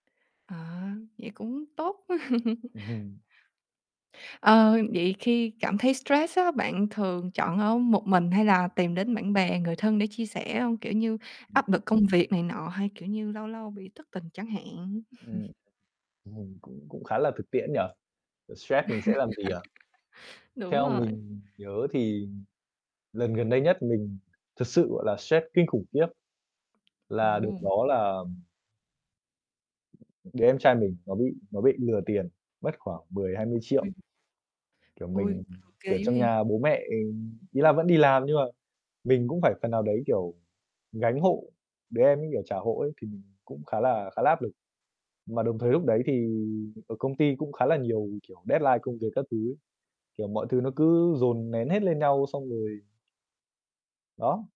À, vậy cũng tốt. Ừm hừm. Ờ, vậy khi cảm thấy stress á, bạn thường chọn ở một mình hay là tìm đến bạn bè, người thân để chia sẻ hông? Kiểu như, Ừm. áp lực công việc này nọ hay, kiểu như, lâu lâu bị thất tình chẳng hạn. Ừm, ừm, cũng cũng khá là thực tiễn nhỉ? Vậy stress mình sẽ làm gì à? Đúng Theo rồi. mình nhớ thì lần gần đây nhất mình thực sự gọi là stress kinh khủng khiếp. Là đợt [unintelligible] đó là, ừm đứa em trai mình nó bị nó bị lừa tiền, mất khoảng 10.000.000-20.000.000. [unintelligible] Kiểu, Ui, mình, kiểu, ghê dữ trong vậy? nhà bố mẹ, ừm, ý là vẫn đi làm nhưng mà mình cũng phải phần nào đấy, kiểu, gánh hộ, đứa em ấy, kiểu, trả hộ ấy thì mình cũng khá là khá là áp lực. Mà đồng thời lúc đấy thì ở công ty cũng khá là nhiều, kiểu, deadline công việc các thứ ấy, kiểu, mọi thứ nó cứ dồn nén hết lên nhau xong rồi Đó.